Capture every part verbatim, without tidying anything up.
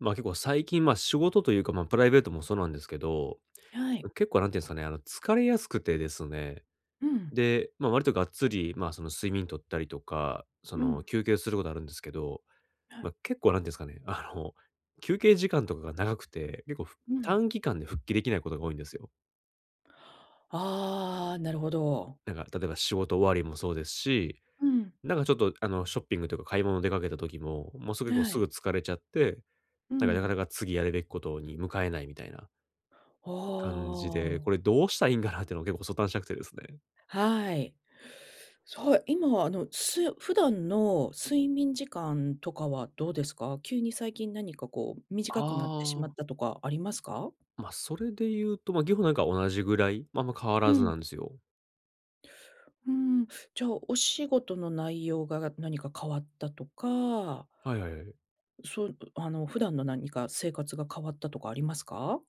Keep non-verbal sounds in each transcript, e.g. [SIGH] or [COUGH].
ま、結構最近、ま、仕事というか、ま、プライベートもそうなんですけど、はい。ん、結構なんてゆんですかね、あの、疲れやすくてですね、うん。で、ま、割とがっつり、ま、その、睡眠とったりとか、そうの、ん。休憩することあるんですけど、ま、結構なんですかね、あの、休憩時間とかが長くて、結構、ふうん。短期間で復帰できないことが多いんですよ。ああ、なるほど。なんか、例えば仕事終わりもそうですし、うん。なんかちょっと、あの、ショッピングとか買い物出かけた時も、もうすぐこう、はすい。ぐ疲れちゃって、うなんかなかん。なか次やるべきことに向かえないみたいなあ感じで、あ。これどうしたらいいんかなっていうのを結構ご相談したくてですね。はい。そう、今はあの、す普段の睡眠時間とかはどうですか？急に最近何かこう短くなってしまあっあ。たとかありますか？ま、それでいうと、ま、げこなんか同じぐらい、ま、あんま変わうらずん。なんですよ。うーん。じゃあ、お仕事の内容が何か変わったとかはいはいはいはい。そう、うあの普段の何か生活が変わったとかありますか？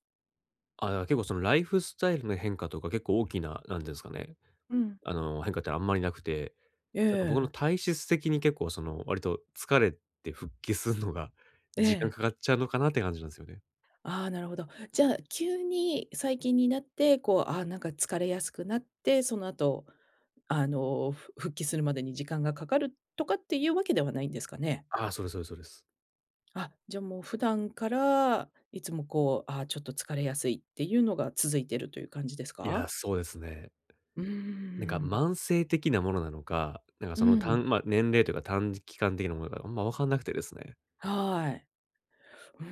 ああ、じゃ、結構そのライフスタイルの変化とか結構大きな、何てゆんですかね、うん。あの、変化ってあんまりなくて、えなんか僕のえ。体質的に結構その、割と疲れて、復帰するのがえ時間え。かかっちゃうのかなって感じなんですよね。ああ、なるほど。じゃあ急に最近になって、こう、ああなんか疲れやすくなって、その後、あの、ふ復帰するまでに時間がかかるっとかっていうわけではないんですかね。ああ、そうですそうですそうです。あ、じゃあもう普段から、いつもこう、ああ、ちょっと疲れやすいっていうのが続いてる、という感じですいや、か？そうですね。うーなんかん。慢性的なものなのか、なんかうそのたん。んま、年齢というか短時期間的なものなのあんま分かんなくてですね。はい。うー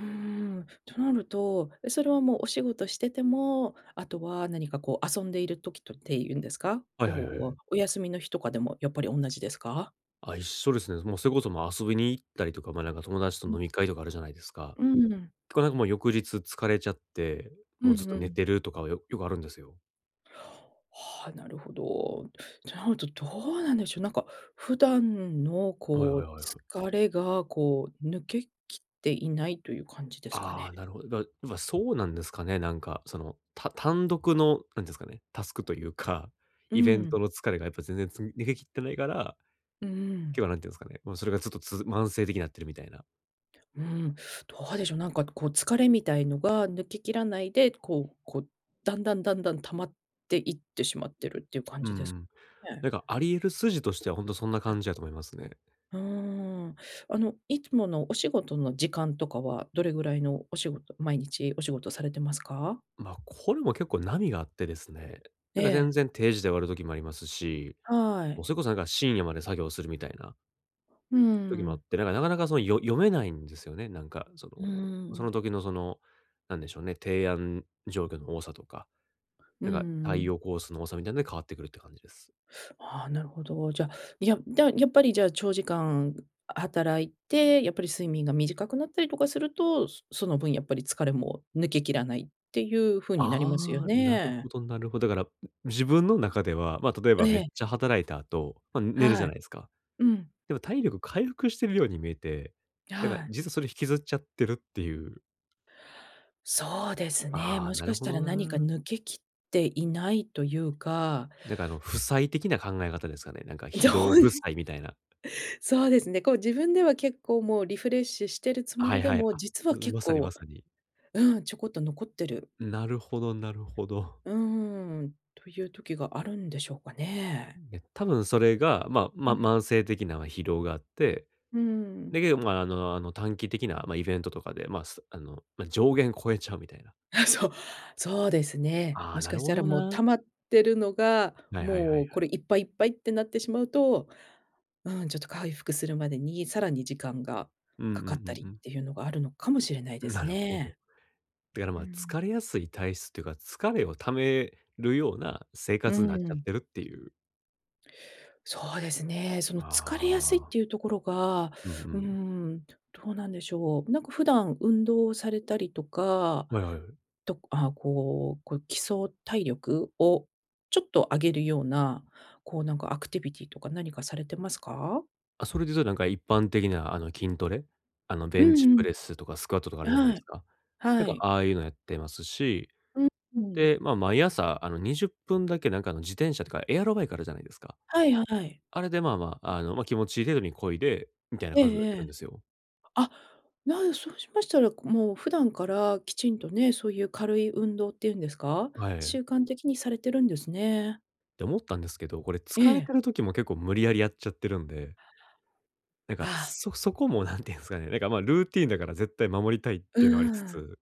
ん。となると、え、それはもうお仕事してても、あとは何かこう遊んでいる時とってゆんですか？はいはいはいはい。こうお休みの日とかでもやっぱり同じですか？あ、一緒ですね。もうそれこそ、ま、遊びに行ったりとか、ま、なんか友達とう飲ん。み会とかあるじゃないですか。うん。とかなんかもう翌日疲れちゃって、うもうんずっうと寝ん。てるとかはよよくあるんですよ。はあ、なるほど。ちゃんと、どうなんでしょう、なんか、普段の、はいはこいう、はいはい。疲れが、こう、抜けきっていないという感じですかああ、ね。なるほど。だ今、そうなんですかね、なんか、その、た単独の、なんですかね、タスクというか、うイベンん。トの疲れがやっぱ全然つ逃げ切ってないから、うーきょうん。は何て言うんですかね、ま、それがちょっとつづ慢性的になってるみたいな。うーん、どうでしょう、なんか、こう、疲れみたいのが抜けきらないで、こうこう、だんだん、だんだん溜まっていってしまってるっていう感うんうじですかん。ね。なんかあり得る筋としては、ほんとそんなあ。感じやと思いますね。うーん。あの、いつものお仕事の時間とかは、どれぐらいのお仕事、毎日お仕事されてますか？ま、これも結構、波があってですね。なえんか、全え。然定時で終わる時もありますし、はもう、い。それこそ、なんか、深夜まで作業するみたいなうー時もあっん。て。だからなかなか、その、よ読めないんですよね、なんか、そうーの、そのん。時のその、なんでしょうね、提案状況の多さとか、うなんんうか、んう対ん。応コースの多さみたいなので変わってくるって感じです。ああ、なるほど。じゃ、いや、だ、やっぱり、じゃあ、長時間働いて、やっぱり睡眠が短くなったりとかすると、そその分やっぱり疲れも抜けきらないっていう風になりますよああ、なるほね。どなるほど。だから、ん、自分の中では、ま、例ええばめっえ。ちゃ働いた後、ま、寝るじはゃい。ないですか。うん。でも体力回復してるように見えて、や、なんはか、い。実はそれ引きずっちゃってるっていう。そうですね。ああ、もしなかるしほたらど何かな。抜けきっていないというかなんか、あの、負債的な考え方ですかね。なんか、じょ疲ほ労で負債みたいな。そうですね。こう、自分では結構もうリフレッシュしてるつもはいりではい。も、あ、実うはん、結まさにま構さに。うん、ちょこっと残ってる。なるほどなるほど。うーん。という時があるんでしょうかね。ね、多分それが、ま、うまん。慢性的な疲労があって、うーだん。けど、まあ、あの、あの、短期的な、ま、イベントとかで、ま、すあの、ま、上限超えちゃうみたいな。あ、そう。そうですね。あもあ、しなかるしほたらどもう溜な。まってるのが、はいはいはいはもうこい。れいっぱい、いっぱいってなってしまうと、うーん、ちょっと回復するまでにさらに時間がうんうんかかったうりんうっん。ていうのがあるのかもしれないですなるほど。ね。だから、うーま、疲れん。やすい体質というか、疲れを溜めるような生うー活になっちゃっん。てるっていう。そうですね、その疲れやすいっああ。ていうところが、うんううーん。ん、どうなんでしょう。なんか普段運動をされたりとか、はいはいはい。とくあ、こうこう、基礎体力？をちょっと上げるような、こうなんかアクティビティとか何かされてますか？あ、それでいうとなんか、一般的なあの筋トレ？あの、ベうンチんうプん。レスとかスクワットとかあるあ、じゃないではすい。か。なんはかい。ああいうのやってますし。う、うん。で、ま、毎朝あのにじゅっぷんだけなんか、あの自転車とかエアロバイクあるじゃないですか。はいはい。あれでまあまあ、うん。あの、ま、気持ちいい程度に漕いで、みたいなええ感じのやっえてるんでえ。すよ。あ、なんそうしましたら、こもう普段からきちんとね、そういう軽い運動っていうんですか？は習い。慣的にされてるんですね。で思ったんですけど、これえ疲れえ。てる時も結構無理やりやっちゃってるんで。なんか、ああ。そそこも何て言うんすかね、なんか、ま、ルーティンだから絶対守りたいっうていうのはありつーん。つ。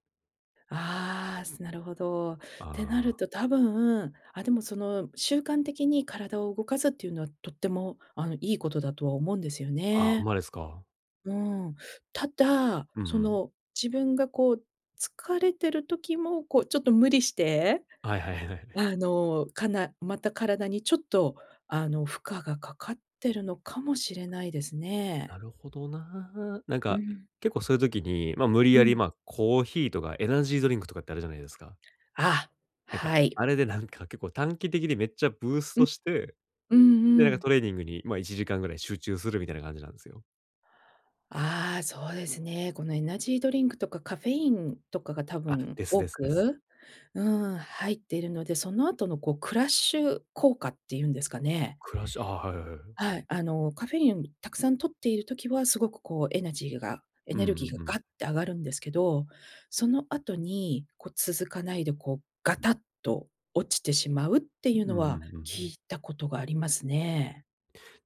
ああ、すなるほど。ってなあるあ。と多分、あ、でもその、習慣的に体を動かすっていうのは、とってもあの、いいことだとは思うんですよあ、ほんね。まですか？うん。ただ、うんうそん。の自分がこう疲れてる時も、こうちょっと無理して、はいはい、え、はい。あの、かなまた体にちょっと、あの、負荷がかかってるのかもしれないですね。なるほどな。なんうか、ん。結構そういう時に、ま、無理うやり、ん。まあ、コーヒーとか、エナジードリンクとかってあるじゃないですか。あ、なんか、はい。あれでなんか結構短期的にめっちゃブースうトん。して、うで、ん、うなんかん。トレーニングに、ま、いちじかんぐらい集中する、みたいな感じなんですよ。あ、そうですね。このエナジードリンクとかカフェインとかが多あ、分です多ですです。く、うーん、入っているので、その後のこう、クラッシュ効果っていうんですかね。クラッシュ、あ、はいはいはいはい。はい、あのカフェインたくさん摂っている時は、すごくこうエナジーが、エうんネルギーがうガん。ッて上がるんですけど、その後に、こう続かないで、こうガタッと落ちてしまうってうんいううのんうんは、う聞ん。いたことがありますね。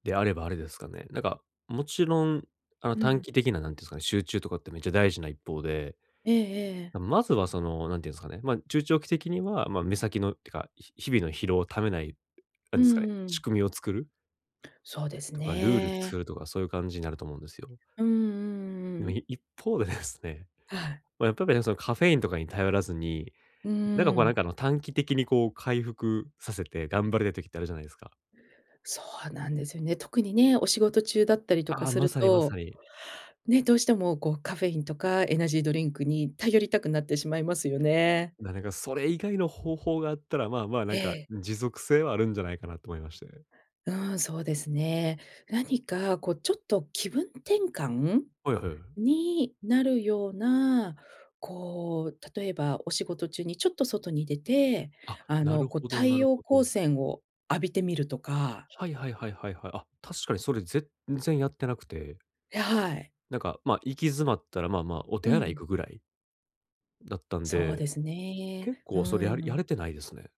であればあれですかね。なんか、もちろん、あの、う短ん。期的な、何て言うんですかね、集中とかってめっちゃ大事な一方で、ええええ。まずはその、何て言うんですかね、ま、中長期的には、ま、目先のってか、ひ日々の疲労を溜めない、何うですかね、んう仕ん。組みを作る。そうですとかルールね。作るとか、そういう感じになると思うんですよ。うんうんでうもん。い一方でですね、はい。ま、やっぱぴね、そのカフェインとかに頼らずに、うーなんかこうなんん。か、あの、短期的にこう回復させて頑張れる時ってあるじゃないですか？そうなんですよね。特にね、お仕事中だったりとかあ、すまるさにまと、さに。ね、どうしてもこうカフェインとかエナジードリンクに頼りたくなってしまいますよね。なれがそれ以外の方法があったら、まあまあなえんか、え。持続性はあるんじゃないかなと思いまして。うん、そうですね。何か、こうちょっと気分転換はいはいはい。になるような、こう、例えばお仕事中にちょっと外に出て、あ、あなのるこうほど太なる陽ほ光ど。線を浴びてみるとか。はいはいはいはいはい。あ、確かにそれ全然やってなくて。や、はい。なんか、ま、行き詰まったら、まあまあ、おう手洗いん。行くぐらいだったんそうで、ですね。結う構それやーやん。れてないですね。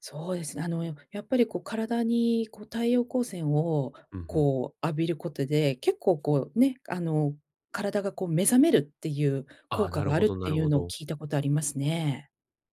そうですね。あの、ややっぱり、こう、体に、こう、太陽光線を、うん、ふん。こう、浴びることで、結構、こう、ね、あの、体が、こう、目覚めるってゆうあ効あ、果なるがあほるっどなてるいうほのをど。聞いたことありますね。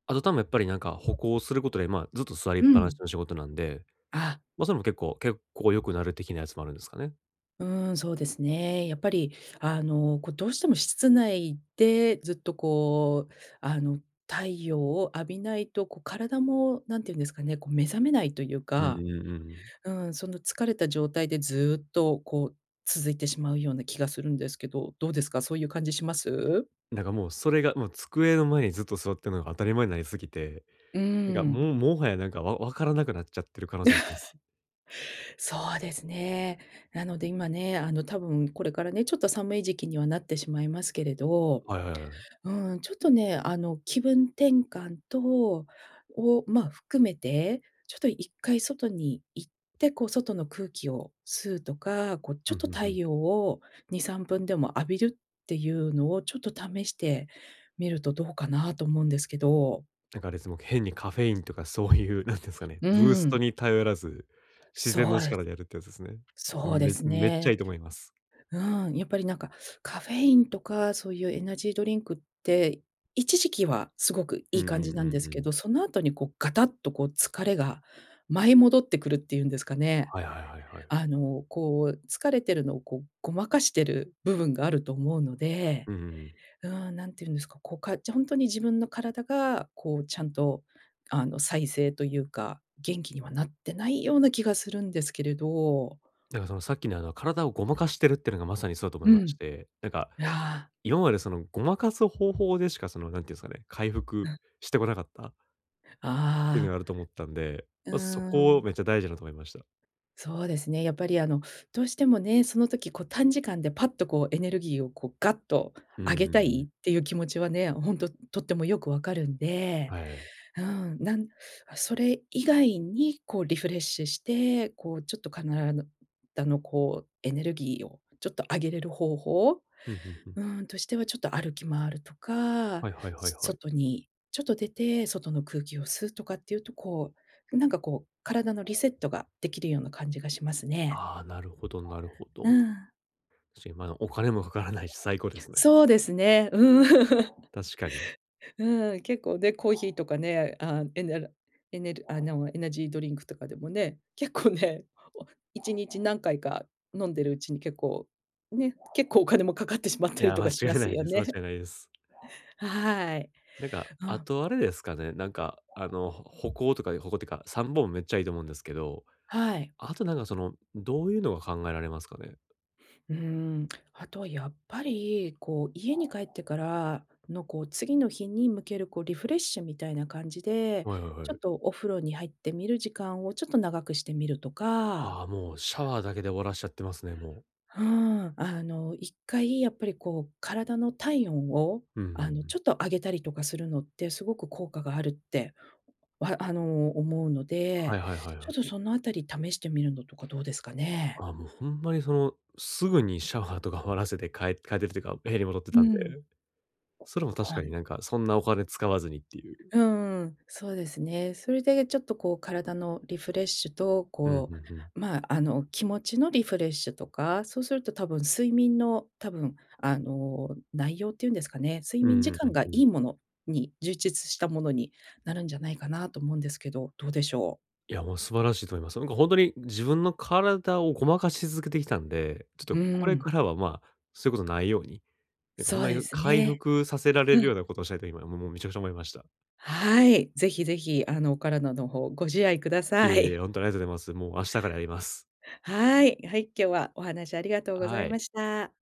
あと多分やっぱり、なんか、歩行することで、ま、ずっと座りっうぱなしん。の仕事なんで、あ。ま、それも結構、血行良くなる的なやつもあるんですかね？うーん、そうですね。やっぱり、あの、こう、どうしても室内で、ずっと、こう、あの、太陽を浴びないと、こ、体も、なんて言うんですかね、こう、目覚めないとゆううか、んうんうん。うーん、その疲れた状態で、ずっと、こう、続いてしまうような気がするんですけど、どうですか？そういう感じします？なんか、もう、それが、もう、机の前にずっと座ってるのが当たり前なりすぎて、うーなんか、もん。う、最早なんか、わわからなくなっちゃってる可能性あります。[LAUGHS] そうですね。なので今ね、あの、多分これからね、ちょっと寒い時期にはなってしまいますけれど、はいはいはい。うーん、ちょっとね、あの気分転換とを、ま、含めて、ちょっといっかい外に行って、こう、外の空気を吸うとか、こう、ちうょっん、とふんふ太ん。陽をにさんぷんでも浴びるってゆうのをちょっと試してみるとどうかなと思うんですけど。なんかあれですも、変にカフェインとかそういうなんてんすかね、うブーーストん。に頼らず、自然そのうです。力でやるってやつですね。ああ、そうでめすめっちゃいね。いと思います。うーん、やっぱりなんか、カフェインとかそういうエナジードリンクって一時期はすごくういんいう感んじうなんんですうけん。ど、その後にこうガタッとこう疲れが舞い戻ってくるっていうんですかね。はいはいはいはい。あの、こう疲れてるのをこうごまかしてる部分があると思うので、うんうんうん。うん、何て言うんですか、こうかじほんとに自分の体が、こうちゃんとあの、再生と言うか、元気にはなってないような気がするんですけれど。なんかそのさっきの、あの、体をごまかしてるってのが、まさにそうだと思いうましん。て、なんかああ。今までその、誤魔化す方法でしかその、なんていうんですかね、回う復ん。してこなかったてのあがあると思ったんで、あ。うま、そこをん。めっちゃ大事だと思いました。そうですね、やっぱりあの、どうしてもね、その時こう、短時間でパッとこうエネルギーをこうがっとふ上んげふんたふん。いっていう気持ちはね、ほんととってもよくわかるんで、はい。うん、なんあ、それ以外にこうリフレッシュして、こうちょっとかならぬだの、こうエネルギーをちょっと上げれる方法？うんうんうん。うーん、としてはちょっと歩き回るとか、はいはいはいはい。外にちょっと出て、外の空気を吸うとかっていうと、こう、なんかこう、体のリセットができるような感じがしますね。ああ、なるほど、なるほうど。ん。し、まあ、お金もかからないし、最高です [UNINTELLIGIBLE] ね。そうですね。うん、[CHUCKLES] 確かに。うん、結構ね、コーヒーとかね、あん、エネラエネルあの、エナジードリンクとかでもね、結構ね、お、一日何回か飲んでるうちに結構、ね、結構お金もかかってしまっいたりや、と間かし違まいなすいよです。間違ね。いないです。はい。なんか、うあん。とあれですかね、なんか、あの、ほ歩行とか、歩行ってか、散歩もめっちゃいいと思うんですけど、はい。あとなんかその、どういうのが考えられますかね？うーん。あとはやっぱり、こう、家に帰ってからのこう、次の日に向けるこうリフレッシュみたいな感じで、はいはいちはょっい。とお風呂に入ってみる時間をちょっと長くしてみるとか。はあ、もうシャワーだけで終わらせちゃってますね、もう。はあ、あの一回やっぱりこう体の体温を、うんうんうあの、ん。ちょっと上げたりとかするのって、すごく効果があるって、わあの、思うのはで、いはいはいちはょっとい。そのあたり試してみるのとかどうですかねえ。あ、もうほんまにその、すぐにシャワーとか終わらせて、かえ帰ってるというか、部屋に戻ってうたんで。ん。それも確はかにい。なんか、そんなお金使わずにっていう。うんうん、そうですね。それでちょっと、こう、体のリフレッシュと、うんこうんうん。う、まあ、あの気持ちのリフレッシュとか、そうすると多分睡眠の多分、あの、内容ってゆんですかね、睡う眠ん時うん、う間ん、がういん。いものに充実したものになるんじゃないかなと思うんですけど、どうでしょう。いや、もう素晴らしいと思います。なんかほんとに自分の体をごまかし続けてきたんで、ちょっうとこれん。からは、まあ、そういうことないように、なんかほそんうまでにす回ね。復させられうるようん。なことをしたいと今もうもうめちゃくちゃ思いました。はい、ぜひぜひ、あのお体の方、ご自愛くだいえさい。いえ、[CHUCKLES] ほんとにありがとうございます。もう明日からやります。はい、はい、今日はお話ありがとうござはいまい。した。